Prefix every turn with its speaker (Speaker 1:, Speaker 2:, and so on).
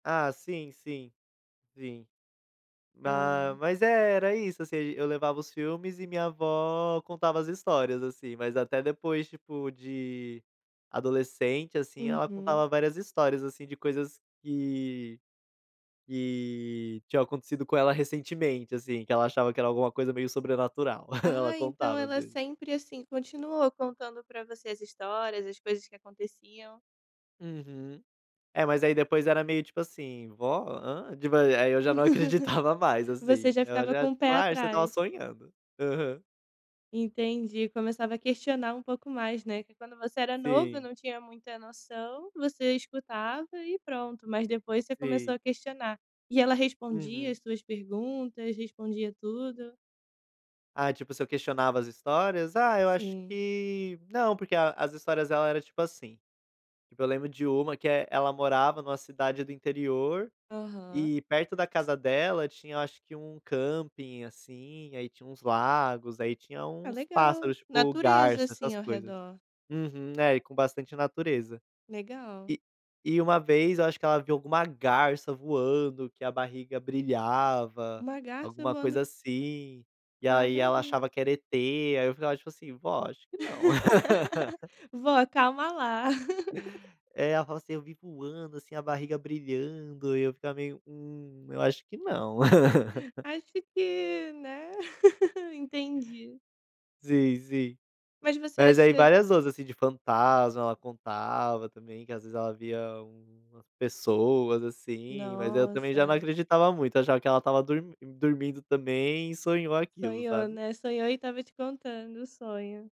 Speaker 1: Ah sim, sim, sim. Ah,
Speaker 2: Ah.
Speaker 1: mas é, era isso, assim, a gen eu levava os filmes e minha avó contava as histórias, assim, mas até depois, tipo, de adolescente, assim, ela
Speaker 2: Uhum.
Speaker 1: contava várias histórias, assim, de coisas que que tinham acontecido com ela recentemente, assim, que ela achava que era alguma coisa meio sobrenatural, ela
Speaker 2: Ah, então
Speaker 1: contava às
Speaker 2: ela
Speaker 1: vezes.
Speaker 2: sempre, assim, continuou contando pra você as histórias, as coisas que aconteciam.
Speaker 1: Uhum. É mas aí depois era meio tipo assim: "Vó, hã?". [unintelligible] aí eu já não acreditava mais,
Speaker 2: Você
Speaker 1: assim,
Speaker 2: já
Speaker 1: ela
Speaker 2: ficava
Speaker 1: já
Speaker 2: com o pé
Speaker 1: tipo: "Ai você estava
Speaker 2: atrás.
Speaker 1: sonhando". Aham.
Speaker 2: Entendi, começava a questionar um pouco mais, né, que quando você era novo eu
Speaker 1: Sim.
Speaker 2: não tinha muita noção, você escutava e pronto, mas depois você começou
Speaker 1: Sim.
Speaker 2: a questionar, e ela respondia as
Speaker 1: Uhum.
Speaker 2: suas perguntas, respondia tudo?
Speaker 1: Ah tipo se eu questionava as histórias? Ah eu acho
Speaker 2: Sim.
Speaker 1: que não, porque a as histórias dela era tipo assim. Eu lembro de uma que é ela morava em uma cidade do interior,
Speaker 2: Aham.
Speaker 1: e perto da casa dela tinha eu acho que um camping, assim, aí tinha uns lagos, aí tinha
Speaker 2: Ah
Speaker 1: uns
Speaker 2: legal,
Speaker 1: pássaros tipo
Speaker 2: natureza,
Speaker 1: garça,
Speaker 2: assim,
Speaker 1: essas
Speaker 2: ao
Speaker 1: coisas.
Speaker 2: redor.
Speaker 1: Uhum, é e com bastante natureza.
Speaker 2: Legal.
Speaker 1: E e uma vez eu acho que ela viu alguma garça voando que a barriga brilhava,
Speaker 2: Uma garça
Speaker 1: alguma
Speaker 2: voando
Speaker 1: coisa assim, e
Speaker 2: Com a
Speaker 1: aí ela achava
Speaker 2: barriga.
Speaker 1: que era ET, aí eu ficava tipo assim: "Vó acho que não".
Speaker 2: Vó, calma lá.
Speaker 1: É, ela falava assim: "Eu vi voando assim, a barriga brilhando", e eu ficava meio: "Hum, eu acho que não".
Speaker 2: Acho que, né, entendi.
Speaker 1: Sim, sim.
Speaker 2: Mas você
Speaker 1: Mas
Speaker 2: acha
Speaker 1: aí várias outras, assim, de fantasma, ela contava também, que às vezes ela via pessoas, assim, mas eu também já não
Speaker 2: Nossa.
Speaker 1: acreditava muito, achava que ela estava dormin dormindo também e sonhou aquilo,
Speaker 2: Sonhou,
Speaker 1: sabe?
Speaker 2: né, sonhou e estava te contando o sonho.